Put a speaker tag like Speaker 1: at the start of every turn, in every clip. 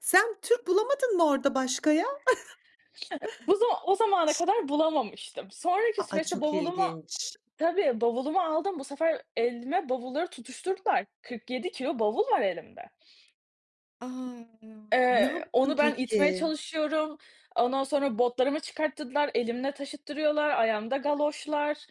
Speaker 1: Sen Türk bulamadın mı orada başka ya?
Speaker 2: bu zam o zamana
Speaker 1: Ş
Speaker 2: kadar bulamamıştım. Sonraki
Speaker 1: A a,
Speaker 2: süreçte
Speaker 1: çok
Speaker 2: bavulumu
Speaker 1: ilginç.
Speaker 2: tabii bavulumu aldım. Bu sefer elime bavulları tutuşturdular, 47 kilo bavul var elimde.
Speaker 1: A! Ne
Speaker 2: Eee,
Speaker 1: yaptın
Speaker 2: onu ben itmeye
Speaker 1: peki?
Speaker 2: çalışıyorum, ondan sonra botlarımı çıkarttırdılar, elimle taşıttırıyorlar, ayağımda galoşlar.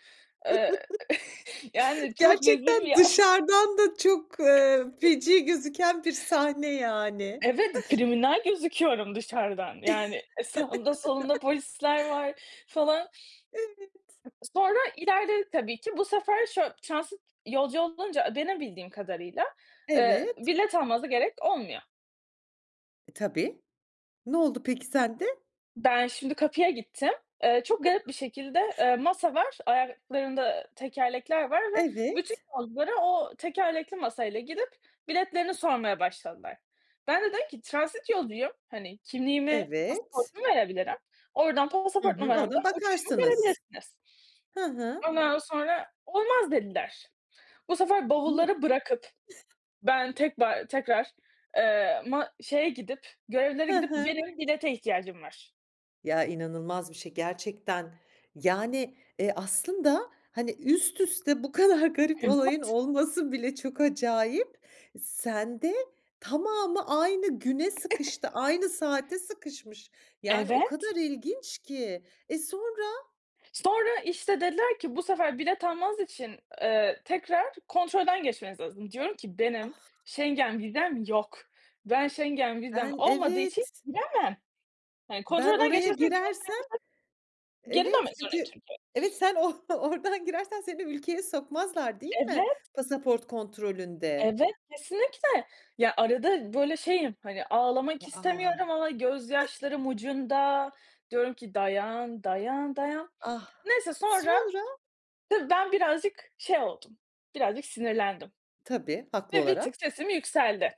Speaker 2: Eee, yani, çok rezil bir
Speaker 1: Gerçekten
Speaker 2: yaz.
Speaker 1: dışarıdan da çok, eee, feci gözüken bir sahne, yani.
Speaker 2: Evet, kriminal gözüküyorum dışarıdan, yani eee, sağımda solumda polisler var falan.
Speaker 1: Evet.
Speaker 2: Sonra ilerledik tabii ki. Bu sefer şöy transit yolcu olunca, benim bildiğim kadarıyla, eee,
Speaker 1: Evet.
Speaker 2: bilet almanıza gerek olmuyor.
Speaker 1: Tabii. Ne oldu peki sende?
Speaker 2: Ben şimdi kapıya gittim, eee, çok garip bir şekilde, eee, masa var, ayaklarında tekerlekler var ve bütün
Speaker 1: Evet.
Speaker 2: yolculara o tekerlekli masayla gidip biletlerini sormaya başladılar. Bende dedim ki transit yolcuyum, hani, kimliğimi
Speaker 1: Evet.
Speaker 2: pasaportumu verebilirim, oradan
Speaker 1: Hı
Speaker 2: pasaport
Speaker 1: hı, oradan
Speaker 2: numaramdan uçuşumu
Speaker 1: bakarsınız,
Speaker 2: görebilirsiniz.
Speaker 1: hı hı.
Speaker 2: Ondan sonra, olmaz dediler, bu sefer
Speaker 1: Ni
Speaker 2: bavulları bırakıp, ben tekrar tekrar, eee, ma şeye gidip görevlilere
Speaker 1: Hı
Speaker 2: gidip
Speaker 1: hı.
Speaker 2: benim bilete ihtiyacım var.
Speaker 1: Ya, inanılmaz bir şey gerçekten, yani, eee, aslında, hani, üst üste bu kadar garip olayın
Speaker 2: Evet.
Speaker 1: olması bile çok acayip. Sen de tamamı aynı güne sıkıştı, aynı saate sıkışmış. Yani, o
Speaker 2: Evet.
Speaker 1: kadar ilginç ki, eee, sonra?
Speaker 2: Sonra işte dediler ki bu sefer bilet almanız için, eee, tekrar kontrolden geçmeniz lazım. Diyorum ki benim
Speaker 1: Ah!
Speaker 2: Schengen vizem yok. Ben, Schengen vizem
Speaker 1: Ben,
Speaker 2: olmadığı için
Speaker 1: evet.
Speaker 2: giremem. Hani,
Speaker 1: Ben
Speaker 2: kontrolden
Speaker 1: oraya
Speaker 2: geçersem geri dönmek
Speaker 1: girersem,
Speaker 2: istesem, geri
Speaker 1: evet
Speaker 2: dönmek zorundayım
Speaker 1: çünkü
Speaker 2: çünkü.
Speaker 1: evet sen o oradan girersen seni ülkeye sokmazlar değil mi
Speaker 2: Evet.
Speaker 1: pasaport kontrolünde?
Speaker 2: Evet, kesinlikle ya, arada böyle şeyim, hani, ağlamak
Speaker 1: A!
Speaker 2: istemiyorum ama gözyaşlarım ucunda diyorum ki dayan, dayan, dayan.
Speaker 1: Ah!
Speaker 2: Neyse sonra
Speaker 1: Sonra?
Speaker 2: tabii ben birazcık şey oldum birazcık sinirlendim
Speaker 1: Tabii, haklı
Speaker 2: ve bir
Speaker 1: olarak.
Speaker 2: tık sesim yükseldi.